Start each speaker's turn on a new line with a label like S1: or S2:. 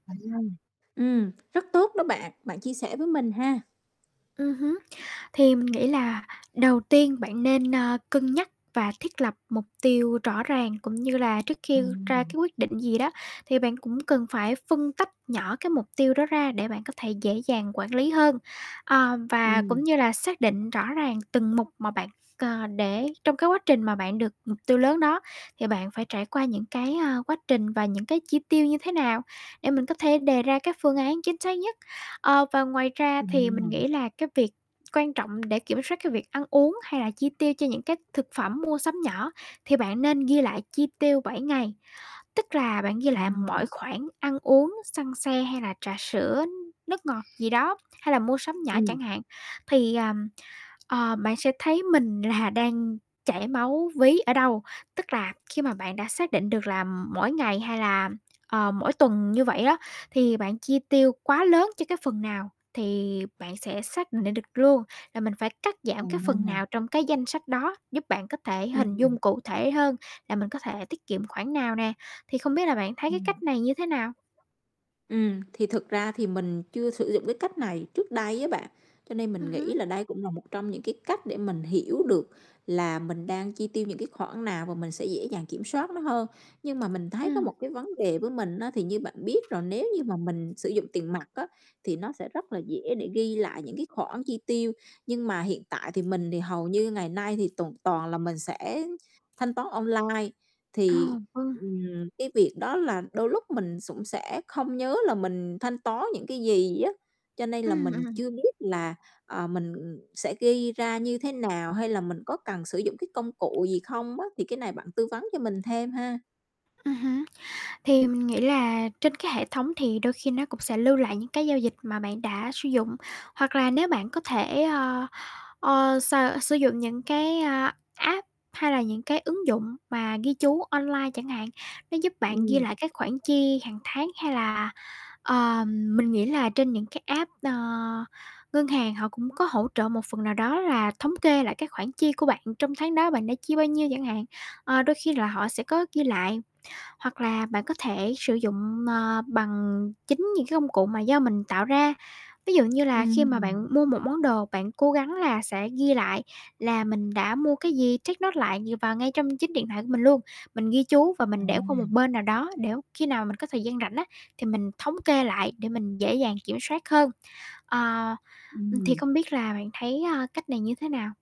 S1: [unintelligible] Ừm, rất tốt đó bạn, bạn chia sẻ với mình ha.
S2: Ừm hứm. Thì mình nghĩ là đầu tiên bạn nên, ơ, cân nhắc và thiết lập mục tiêu rõ ràng. Cũng như là trước khi ra
S1: Ừm.
S2: cái quyết định gì đó thì bạn cũng cần phải phân tách nhỏ cái mục tiêu đó ra để bạn có thể dễ dàng quản lý hơn. Ờ, và cũng
S1: Ừm.
S2: như là xác định rõ ràng từng mục mà bạn, ờ, để trong cái quá trình mà bạn được [unintelligible] tiêu lớn đó thì bạn phải trải qua những cái, ơ, quá trình và những cái chi tiêu như thế nào để mình có thể đề ra các phương án chính xác nhất. Ờ, và ngoài ra thì mình
S1: Ừm.
S2: nghĩ là cái việc quan trọng để kiểm soát cái việc ăn uống hay là chi tiêu cho những cái thực phẩm mua sắm nhỏ thì bạn nên ghi lại chi tiêu 7 ngày. Tức là bạn ghi lại mọi
S1: Ừm.
S2: khoản ăn uống, xăng xe hay là trà sữa, nước ngọt gì đó hay là mua sắm nhỏ
S1: Ừm.
S2: chẳng hạn. Thì, ờm, ờ, bạn sẽ thấy mình là đang chảy máu ví ở đâu. Tức là khi mà bạn đã xác định được là mỗi ngày hay là, ờ, mỗi tuần như vậy á thì bạn chi tiêu quá lớn cho cái phần nào thì bạn sẽ xác định được luôn là mình phải cắt giảm cái phần
S1: À.
S2: nào trong cái danh sách đó, giúp bạn có thể hình
S1: Ừm.
S2: dung cụ thể hơn là mình có thể tiết kiệm khoản nào nè. Thì không biết là bạn thấy cái
S1: Ừm.
S2: cách này như thế nào?
S1: Ừm, thì thực ra thì mình chưa sử dụng cái cách này trước đây á bạn, cho nên
S2: Ừm
S1: mình
S2: hứm.
S1: nghĩ là đây cũng là một trong những cái cách để mình hiểu được là mình đang chi tiêu những cái khoản nào và mình sẽ dễ dàng kiểm soát nó hơn. Nhưng mà mình thấy có
S2: Ừm.
S1: một cái vấn đề với mình á, thì như bạn biết là nếu như mà mình sử dụng tiền mặt á thì nó sẽ rất là dễ để ghi lại những cái khoản chi tiêu. Nhưng mà hiện tại thì mình thì hầu như ngày nay thì toàn toàn là mình sẽ thanh toán online,
S2: Ờ,
S1: thì,
S2: vâng.
S1: ừm, cái việc đó là đôi lúc mình sũng sẽ không nhớ là mình thanh toán những cái gì á. Cho nên là
S2: Ừm,
S1: mình
S2: ừm.
S1: chưa biết là, ờ, mình, ừm, sẽ ghi ra như thế nào hay là mình có cần sử dụng cái công cụ gì không á. Thì cái này bạn tư vấn cho mình thêm ha.
S2: Ừm hứm. Thì mình nghĩ là trên cái hệ thống thì đôi khi nó cũng sẽ lưu lại những cái giao dịch mà bạn đã sử dụng. Hoặc là nếu bạn có thể, ơ, ờ, s sử dụng những cái, a, app hay là những cái ứng dụng mà ghi chú online chẳng hạn, nó giúp bạn ghi
S1: Ừm.
S2: lại các khoản chi hàng tháng. Hay là, ờ, mình nghĩ là trên những cái app, ờ, ngân hàng họ cũng có hỗ trợ một phần nào đó là thống kê lại cái khoản chi của bạn trong tháng đó bạn đã chi bao nhiêu chẳng hạn. Ờ, đôi khi là họ sẽ có ghi lại. Hoặc là bạn có thể sử dụng, ờ, bằng chính những cái công cụ mà do mình tạo ra. Ví dụ như là khi mà bạn
S1: Ừm.
S2: mua một món đồ, bạn cố gắng là sẽ ghi lại là mình đã mua cái gì, take note lại vào ngay trong chính điện thoại của mình luôn. Mình ghi chú và
S1: À.
S2: mình để qua một bên nào đó, để khi nào mình có thời gian rảnh á thì mình thống kê lại để mình dễ dàng kiểm soát hơn. Ờ, thì
S1: Ừm.
S2: không biết là bạn thấy, ơ, cách này như thế nào?